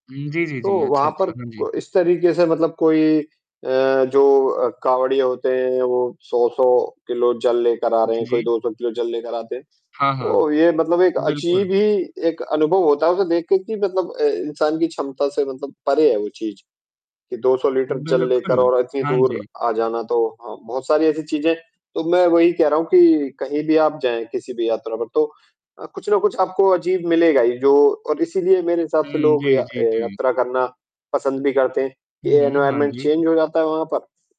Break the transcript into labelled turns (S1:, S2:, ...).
S1: हुँ, जी, जी,
S2: तो,
S1: जी, अच्छा,
S2: वहाँ
S1: अच्छा,
S2: पर
S1: हाँ जी।
S2: को इस तरीक़े से मतलब कोई अ, जो अ, कावड़ियाँ होते हैं, वो 100-100 किलो जल लेकर आ रहे
S1: जी,
S2: हैं, कोई
S1: जी।
S2: 200 किलो जल लेकर आते हैं।
S1: हाँ, हाँ,
S2: तो ये मतलब एक
S1: बिल्कुल।
S2: अजीब ही एक अनुभव होता है उसे देख के कि मतलब अ, इंसान की क्षमता से मतलब परे है वो चीज़, कि 200 लीटर जल लेकर
S1: बिल्कुल,
S2: और इतनी
S1: हाँ
S2: दूर
S1: जी।
S2: आ जाना, तो हाँ, बहुत सारी ऐसी चीज़ें तो मैं वही कह रहा हूँ कि कहीं भी आप जाएँ, किसी भी यात्रा पर तो अ, कुछ ना कुछ आपको अजीब मिलेगा ही, जो और इसीलिए मेरे हिसाब से
S1: हुँ, जी,
S2: लोग य
S1: जी,
S2: अ,
S1: जी।
S2: यात्रा करना पसंद भी करते हैं।
S1: हुँ,
S2: ये
S1: हुँ, हाँ
S2: एनवायरनमेंट
S1: जी।
S2: चेंज हो जाता है वहाँ पर।